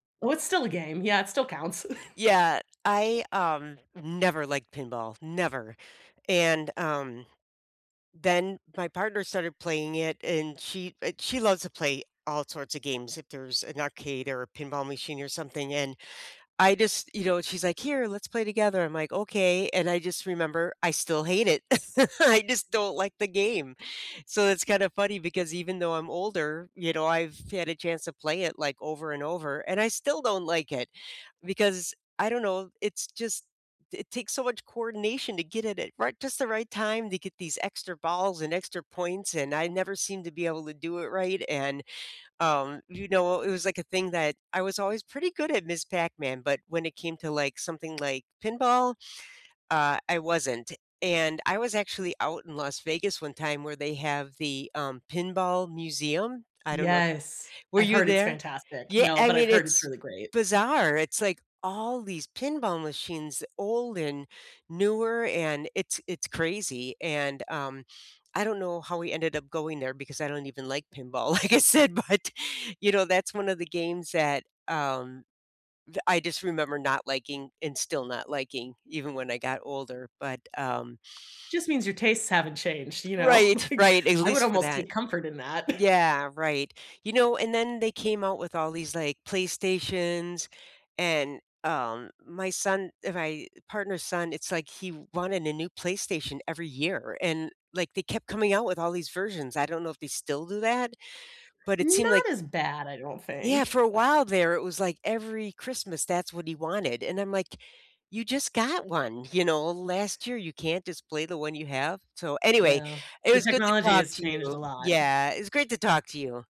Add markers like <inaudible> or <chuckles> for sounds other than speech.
Oh, it's still a game, yeah, it still counts. <chuckles> Yeah, I, um, never liked pinball, never, and, um, then my partner started playing it, and she uh, she loves to play all sorts of games if there's an arcade, or a pinball machine, or something, and I just you know, she's like, "Here, let's play together." I'm like, "Okay, and I just remember I still hate it." <chuckles> I just don't like the game, so it's kind of funny because even though I'm older, you know, I've had a chance to play it like over and over, and I still don't like it. Because I don't know, it's just it takes so much coordination to get it at right just the right time to get these extra balls, and extra points, and I never seemed to be able to do it right, and um, you know, it was like a thing that I was always pretty good at Ms. Pac-Man, but when it came to, like, something like pinball, uh, I wasn't. And I was actually out in Las Vegas one time where they have the, um, pinball museum, I don't know i Yes, Were I've you heard it's there? fantastic, Yeah, no, I but I've mean, heard it's it's really great. bizarre, it's like, all these pinball machines, old and newer, and it's it's crazy, and, um, I don't know how we ended up going there because "I don't even like pinball," like I said, but, you know, that's one of the games that, um, th I just remember not liking, and still not liking even when I got older, but um Just means your tastes haven't changed, you know, Right, like, right, at I would least for almost that take comfort in that. <chuckles> yeah, right, you know, and then they came out with all these like, PlayStations and um my son, ri my partner's son, it's like he wanted a new PlayStation every year, and like they kept coming out with all these versions. I don't know if they still do that, but it seemed like Not as bad, I don't Yeah, for think, a but while there, it was like every Christmas, that's what he wanted, and I'm like, you just got one, you know, last year you can't just play the one you have. So, anyway, Yeah, it the was good to technology talk has to changed a you, lot. yeah, it's great to talk to you.